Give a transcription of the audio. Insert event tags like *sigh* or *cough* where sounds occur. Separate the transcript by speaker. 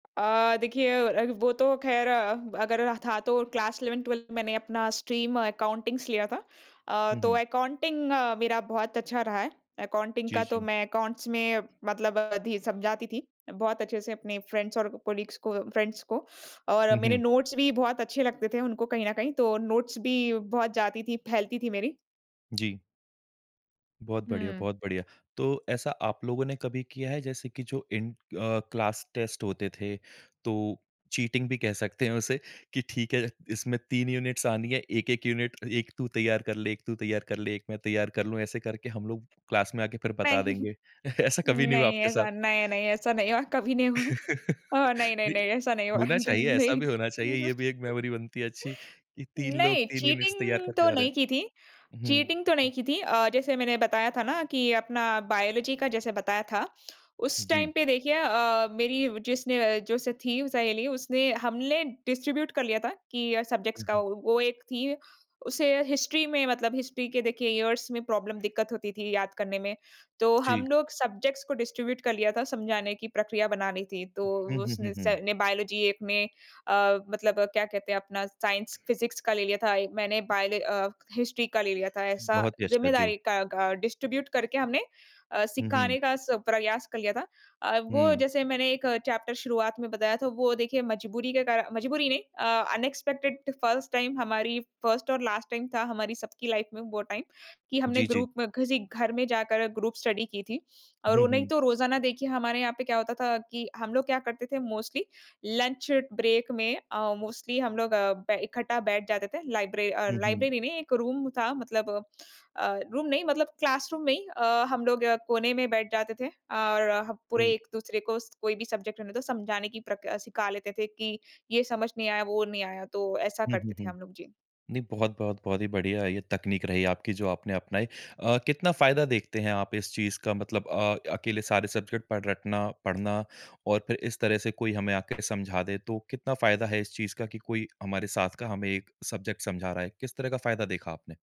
Speaker 1: अ, देखिए अ, वो तो खैर अगर था तो क्लास 11th-12th मैंने अपना स्ट्रीम अकाउंटिंगस लिया था अ,
Speaker 2: हुँ,
Speaker 1: तो
Speaker 2: हुँ।
Speaker 1: अकाउंटिंग मेरा बहुत अच्छा रहा है। अकाउंटिंग
Speaker 2: जी,
Speaker 1: का तो
Speaker 2: जी।
Speaker 1: मैं अकाउंट्स में मतलब थी समझाती थी बहुत अच्छे से अपने फ्रेंड्स और कलीग्स को, फ्रेंड्स को और
Speaker 2: हुँ,
Speaker 1: मेरे
Speaker 2: हुँ।
Speaker 1: नोट्स भी बहुत अच्छे लगते थे उनको कहीं न कहीं, तो नोट्स भी बहुत जाती थी, फैलती थी मेरी।
Speaker 2: जी। बहुत बढ़िया,
Speaker 1: हुँ।
Speaker 2: बहुत बढ़िया। तो ऐसा आप लोगों ने कभी किया है? जैसे कि जो इन अ, क्लास टेस्ट होते थे, तो चीटिंग भी कह सकते हैं उसे कि ठीक है, इसमें 3 यूनिट्स आनी है। 1-1 यूनिट 1 तू तैयार कर ले, 1 तू तैयार कर ले, 1 मैं तैयार कर लूँ। ऐसे करके हम लोग क्लास में आके फिर
Speaker 1: पे
Speaker 2: बता
Speaker 1: *chuckles*
Speaker 2: देंगे। *chuckles* ऐसा कभी नहीं हुआ
Speaker 1: नहीं,
Speaker 2: आपके साथ?
Speaker 1: ऐसा नहीं-नहीं, ऐसा नहीं हुआ, कभी नहीं हुआ। ओ
Speaker 2: *laughs*
Speaker 1: नहीं-नहीं,
Speaker 2: भी
Speaker 1: नहीं ऐसा नहीं हुआ।
Speaker 2: होना
Speaker 1: जी,
Speaker 2: चाहिए, ऐसा
Speaker 1: नहीं।
Speaker 2: भी होना चाहिए। ये भी एक
Speaker 1: *chuckles*
Speaker 2: मेमोरी बनती है अच्छी, कि 3 लोग
Speaker 1: नहीं,
Speaker 2: 3 यूनिट्स तैयार
Speaker 1: चीटिंग
Speaker 2: करके
Speaker 1: तो
Speaker 2: जा रहे हैं।
Speaker 1: नहीं की थी।
Speaker 2: उहुँ,
Speaker 1: चीटिंग तो नहीं
Speaker 2: हुँ।
Speaker 1: की थी अ, जैसे मैंने बताया था ना कि अपना बायोलॉजी का जैसे बताया था, उस टाइम
Speaker 2: जी।
Speaker 1: पे देखिए अ, मेरी जिसने जो स थी सहेली, उसने हमने डिस्ट्रीब्यूट कर लिया था कि अ, सब्जेक्ट्स का।
Speaker 2: उहुँ।
Speaker 1: वो वो एक थी, उसे हिस्ट्री में मतलब हिस्ट्री के देखिए इयर्स में प्रॉब्लम दिक्कत होती थी याद करने में। तो हम
Speaker 2: जी।
Speaker 1: लोग सब्जेक्ट्स को डिस्ट्रीब्यूट कर लिया था, समझाने की प्रक्रिया बना ली थी, तो
Speaker 2: हुँ, हुँ, हुँ,
Speaker 1: उसने स
Speaker 2: हुँ।
Speaker 1: ने बायोलॉजी एक में अ, मतलब क्या कहते हैं अपना साइंस, फ़िज़िक्स का ले लिया था। मैंने बायोल अ, हिस्ट्री का ले लिया था ऐसा
Speaker 2: बहुत ही अच्छा, जी।
Speaker 1: ज़िम्मेदारी का का डिस्ट्रीब्यूट करके हमने अ,
Speaker 2: हुँ, हुँ।
Speaker 1: सिखाने का स प्रयास कर लिया था। अ, वो
Speaker 2: हुँ।
Speaker 1: जैसे मैंने एक चैप्टर शुरुआत में बताया था, वो देखिए मजबूरी के कारण मजबूरी नहीं अ, अनएक्सपेक्टेड फ़र्स्ट टाइम हमारी फ़र्स्ट और लास्ट टाइम था हमारी सबकी लाइफ़ में वो टाइम, कि हमने
Speaker 2: जी, जी।
Speaker 1: ग्रुप में किसी घर में जाकर ग्रुप स्टडी की थी। और
Speaker 2: हुँ,
Speaker 1: उन्हें
Speaker 2: हुँ।
Speaker 1: तो रोज़ाना देखिए हमारे यहाँ पे क्या होता था कि हम लोग क्या करते थे मोस्टली लंच ब्रेक में अ, मोस्टली हम लोग बै इकट्ठा बैठ जाते थे। लाइब्र अ,
Speaker 2: हुँ, हुँ।
Speaker 1: लाइब्रेरी में एक रूम था मतलब अ, रूम नहीं, मतलब क्लासरूम में ही अ, हम लोग कोने में बैठ जाते थे और पूरे
Speaker 2: जी।
Speaker 1: एक-दूसरे को स कोई भी सब्जेक्ट रहने तो समझाने की प्रक अ, सिखा लेते थे कि ये समझ नहीं आया, वो नहीं आया। तो ऐसा
Speaker 2: हुँ, हुँ,
Speaker 1: करते थे
Speaker 2: हुँ।
Speaker 1: हम लोग। जी।
Speaker 2: नहीं, बहुत-बहुत, बहुत ही बढ़िया है, ये तकनीक रही आपकी जो आपने अपनाई। अ, कितना फ़ायदा देखते हैं आप इस चीज़ का मतलब अ, अकेले सारे सब्जेक्ट पढ़ रटना, पढ़ना और फिर इस तरह से कोई हमें आके समझा दे तो कितना फ़ायदा है इस चीज़ का कि कोई हमारे साथ का हमें एक सब्जेक्ट समझा रहा है? किस तरह का फ़ायदा देखा आपने?